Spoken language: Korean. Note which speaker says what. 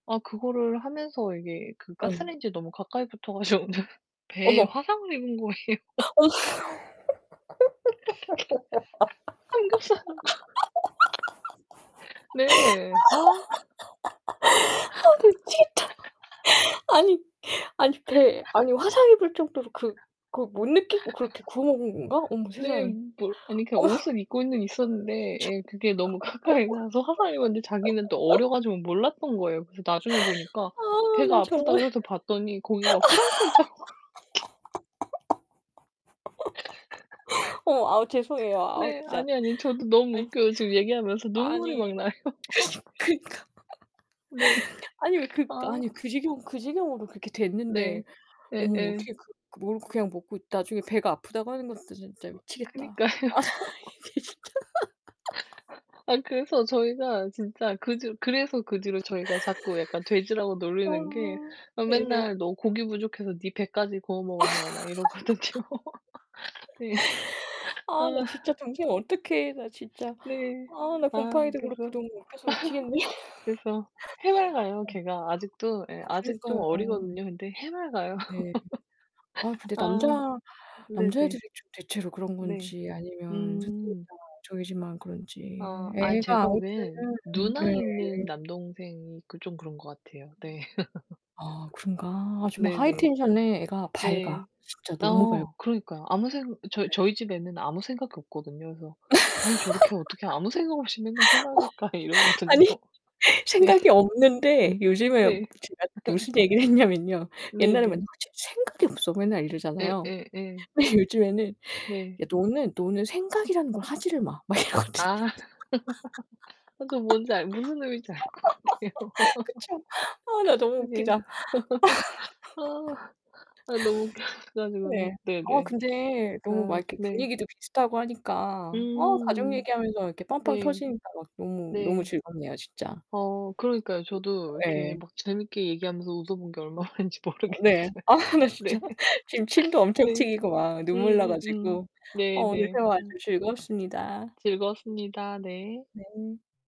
Speaker 1: 아, 그거를 하면서 이게 그
Speaker 2: 어.
Speaker 1: 가스렌인지에 너무 가까이 붙어 가지고는 배에
Speaker 2: 어머.
Speaker 1: 화상을 입은 거에요.
Speaker 2: 어. 아
Speaker 1: 한국 사람 네. 아.
Speaker 2: 아 나 미치겠다. 아니 아니 배 아니 화상 입을 정도로 그 그걸 못 느끼고 그렇게 구워 먹은 건가? 어머
Speaker 1: 네.
Speaker 2: 세상에
Speaker 1: 뭘 아니 그니까
Speaker 2: 어.
Speaker 1: 옷을 입고는 있었는데 예. 그게 너무 가까이 가서 화상을 입었는데 자기는 또
Speaker 2: [unintelligible]
Speaker 1: 어려 가지고 몰랐던 거예요. 그래서 나중에 보니까
Speaker 2: 아,
Speaker 1: 배가
Speaker 2: 나
Speaker 1: 아프다
Speaker 2: 정말.
Speaker 1: 그래서 봤더니 거기가 프라이팬 자국이
Speaker 2: 어머. 아우 죄송해요. 아우
Speaker 1: 네,
Speaker 2: 진짜.
Speaker 1: 아니요, 아니요. 저도 너무
Speaker 2: 아니
Speaker 1: 웃겨요. 지금 얘기하면서 눈물이
Speaker 2: 아니
Speaker 1: 막 나요.
Speaker 2: 그니 그니까
Speaker 1: 네.
Speaker 2: 아니 왜 그니까
Speaker 1: 아.
Speaker 2: 아니 그 지경 그 지경으로 그렇게 됐는데
Speaker 1: 네.
Speaker 2: 어머
Speaker 1: 예예.
Speaker 2: 어떻게 그 모르고 그냥 먹고 나중에 배가 아프다고 하는 것도 진짜 미치겠다.
Speaker 1: 그니까요.
Speaker 2: 이게 진짜로
Speaker 1: 아, 그래서 저희가 진짜 그 뒤로 그래서 그 뒤로 저희가 자꾸 약간 돼지라고
Speaker 2: 아
Speaker 1: 놀리는 게 어
Speaker 2: 네네.
Speaker 1: 맨날 너 고기 부족해서 네 배까지 구워 먹었냐고 막 이러거든요. 예.
Speaker 2: 아, 나
Speaker 1: 아.
Speaker 2: 진짜 동생 어떡해. 나 진짜
Speaker 1: 네.
Speaker 2: 아 나
Speaker 1: 아
Speaker 2: 곰팡이도
Speaker 1: 그래서
Speaker 2: 그렇고 너무 웃겨서 미치겠네.
Speaker 1: 그래서 해맑아요,
Speaker 2: 어.
Speaker 1: 걔가. 아직도 예 아직도 좀
Speaker 2: 그러니까요.
Speaker 1: 어리거든요. 근데 해맑아요.
Speaker 2: 네. 아 근데 남자
Speaker 1: 아. 네네.
Speaker 2: 남자애들이 좀 대체로 그런
Speaker 1: 네.
Speaker 2: 건지 아니면 [unintelligible]
Speaker 1: 음.
Speaker 2: 저희 집만 그런지
Speaker 1: 아. 아이,
Speaker 2: 애가
Speaker 1: 제가
Speaker 2: 아무튼
Speaker 1: 보기엔 누나
Speaker 2: 네.
Speaker 1: 있는 남동생이 그 좀 그런 것 같아요 네.
Speaker 2: 아, 그런가 아 정말 하이
Speaker 1: 네네.
Speaker 2: 텐션에 애가 밝아.
Speaker 1: 네.
Speaker 2: 진짜 너무 밝 어
Speaker 1: 어, 그러니까요. 아무 생 저희
Speaker 2: 네.
Speaker 1: 저희 집 애는 아무 생각이 없거든요. 그래서 '아니 저렇게 어떻게 아무 생각 없이 맨날 해
Speaker 2: 어.
Speaker 1: 맑을까.' 이러거든요.
Speaker 2: 아니
Speaker 1: 네.
Speaker 2: 생각이 없는데 요즘에
Speaker 1: 네.
Speaker 2: 제가 무슨 얘기를 했냐면요. 옛날에 맨날
Speaker 1: 네네.
Speaker 2: "쟤 생각이 없어." 맨날
Speaker 1: 예
Speaker 2: 이러잖아요.
Speaker 1: 예 예.
Speaker 2: 근데 요즘에는
Speaker 1: 네.
Speaker 2: "야, 너는 너는 생각이라는 걸 하지를 마." 막
Speaker 1: 아.
Speaker 2: 이러거든요.
Speaker 1: 아 저는 뭔지 알 것 무슨 의미인지 알 것 같아요.
Speaker 2: 그쵸. 아 나 너무
Speaker 1: 네.
Speaker 2: 웃기다.
Speaker 1: 아. 아 너무 웃겨
Speaker 2: 예.
Speaker 1: 가지고는.
Speaker 2: 아
Speaker 1: 네네.
Speaker 2: 근데 너무 막
Speaker 1: 아
Speaker 2: 이렇게
Speaker 1: 네.
Speaker 2: 분위기도 비슷하고 하니까 어 가족
Speaker 1: 음.
Speaker 2: 얘기하면서 이렇게 빵빵
Speaker 1: 네.
Speaker 2: 터지니까 막 너무, 너무
Speaker 1: 네.
Speaker 2: 즐겁네요, 진짜.
Speaker 1: 어, 그러니까요. 저도
Speaker 2: [unintelligible]
Speaker 1: 이렇게
Speaker 2: 예.
Speaker 1: 막 재밌게 얘기하면서 웃어본 게 얼마 만인지 모르겠어요.
Speaker 2: 네. 아우 나 진짜
Speaker 1: 네.
Speaker 2: 지금 침도 엄청
Speaker 1: 네.
Speaker 2: 튀기고 막 눈물 나
Speaker 1: 음음음.
Speaker 2: 가지고. 어, 오늘
Speaker 1: 네네.
Speaker 2: 대화 아주
Speaker 1: 음.
Speaker 2: 즐거웠습니다.
Speaker 1: 즐거웠습니다 네.
Speaker 2: 네.